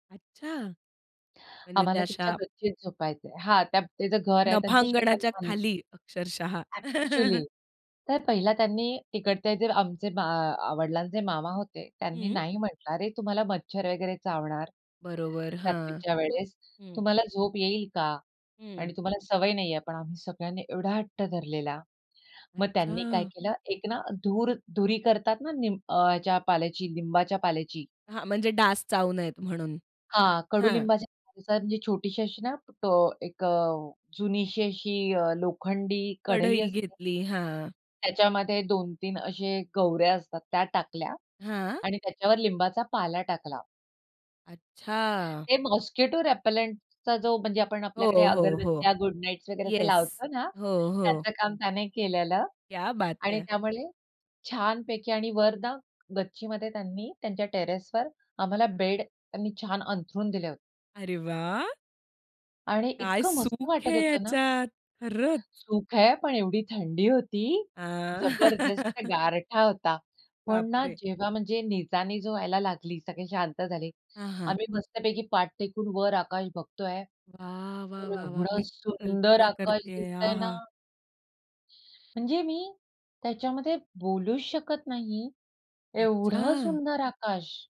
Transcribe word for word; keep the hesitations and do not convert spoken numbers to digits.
अच्छा! म्हणजे त्या आम्हाला त्यांच्या अशा गच्चीत झोपायचंय. हां, त्या ते जे घर आहे त्यांच शेतात नफांगणाच्या बां खाली अक्षरशः. अ‍ॅक्चुअली! तर पहिला त्यांनी तिकडचे जे आमचे मा वडिलांचे मामा होते त्यांनी हं. नाही म्हंटलं, "अरे, तुम्हाला मच्छर वगैरे चावणार बरोबर, हां. रात्रीच्या वेळेस, हं. तुम्हाला झोप येईल का? हं. आणि तुम्हाला सवय नाही आहे." पण, आम्ही सगळ्यांनी एवढा हट्ट धरलेला. मग त्यांनी काय अच्छा! केलं एक ना, धूर धुरी करतात ना, निम ह्याच्या पाल्याची, लिंबाच्या पाल्याची. हां, म्हणजे डास चावू नयेत म्हणून. हां, हां. कडूलिंबाच्या पाल्याची. म्हणजे छोटीशी अशी ना, अ, एक अ, जुनीशी अशी अ, लोखंडी कढई कढई असते घेतली. हां, हां. त्याच्यामध्ये दोन तीन असे गवऱ्या असतात, त्या टाकल्या हां. आणि त्याच्यावर लिंबाचा पाला टाकला. अच्छा! ते मॉस्किटो रेपेलेंटचा जो, म्हणजे आपण हो, आपल्याकडे हो, हो. अगरबत्त्या, गुड नाईट्स वगैरे येस. लावतो ना, हो, हो. त्याचं काम त्याने केलेलं क्या बात आणि है! त्यामुळे छानपैकी आणि वर ना, गच्चीमध्ये त्यांनी त्यांच्या टेरेसवर आम्हाला बेड, त्यांनी छान अंथरून दिले होते. अरे वाह! आणि काय इतकं मस्त सुख वाटत आहे होतं ना. याच्यात, खरंच. सुख आहे, पण एवढी थंडी होती, आ, जबरदस्त गारठा होता. पण बाप ना, रे! जेव्हा म्हणजे निचानी जो व्हायला लागली, सगळे शांत झाले. हां, हां. आम्ही मस्तपैकी पाठ टेकून वर आकाश बघतोय, वाह, वाह, तर वाह, वाह! एवढा मी सुंदर कल्पना आकाश करतेय दिसतंय ना. आहा! म्हणजे मी त्याच्यामध्ये बोलूच शकत नाही, एवढं अच्छा! सुंदर आकाश.